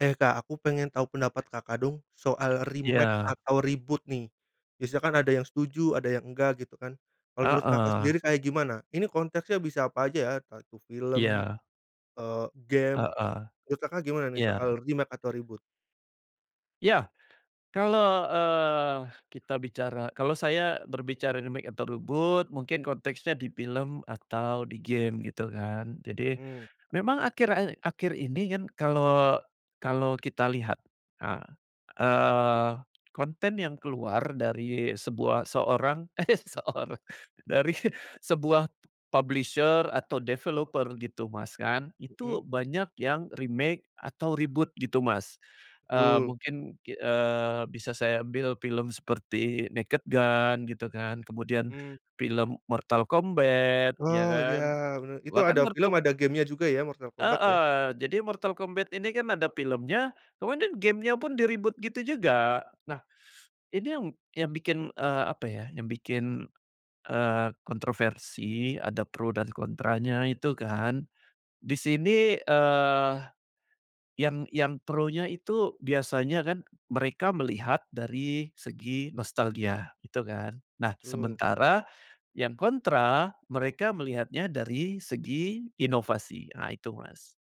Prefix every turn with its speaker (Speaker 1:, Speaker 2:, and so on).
Speaker 1: Eh Kak aku pengen tau pendapat Kakak dong soal
Speaker 2: Iya.
Speaker 1: remake atau reboot nih. Biasa kan ada yang setuju, ada yang enggak gitu kan. Kalau menurut Kakak
Speaker 2: Heeh.
Speaker 1: sendiri kayak gimana? Ini konteksnya bisa apa aja ya. Entah itu film,
Speaker 2: Iya.
Speaker 1: eee, game.
Speaker 2: Heeh.
Speaker 1: Menurut gimana nih
Speaker 2: Iya.
Speaker 1: soal remake atau reboot?
Speaker 2: Iya. Kalau, eee, kita bicara kalau saya berbicara remake atau reboot mungkin konteksnya di film atau di game gitu kan. Jadi
Speaker 1: Mmm.
Speaker 2: memang akhir ae akhir ini kan kalau, kalau kita lihat, ah, eee, konten yang keluar dari sebuah seorang eh seorang. Dari sebuah publisher atau developer gitu Mas kan,
Speaker 1: Mhm.
Speaker 2: itu banyak yang remake atau reboot gitu Mas. Eee,
Speaker 1: Betul.
Speaker 2: mungkin ki eee, bisa saya ambil film seperti Naked Gun gitu kan, kemudian
Speaker 1: Mhm.
Speaker 2: film Mortal Kombat ya
Speaker 1: Oh Iya
Speaker 2: kan.
Speaker 1: bener. Itu
Speaker 2: Bahkan
Speaker 1: ada film
Speaker 2: Mortal
Speaker 1: ada game-nya juga ya Mortal Kombat ya?
Speaker 2: Heeh, jadi Mortal Kombat ini kan ada filmnya, kemudian gamenya pun di-reboot gitu juga. Nah, ini yang, yang bikin, eee, apa ya, yang bikin, eee, kontroversi, ada pro dan kontranya itu kan. Di sini, eee, yang, yang pronya itu biasanya kan, mereka melihat dari segi nostalgia itu kan. Nah
Speaker 1: Mmm.
Speaker 2: sementara yang kontra, mereka melihatnya dari segi inovasi, nah itu Mas.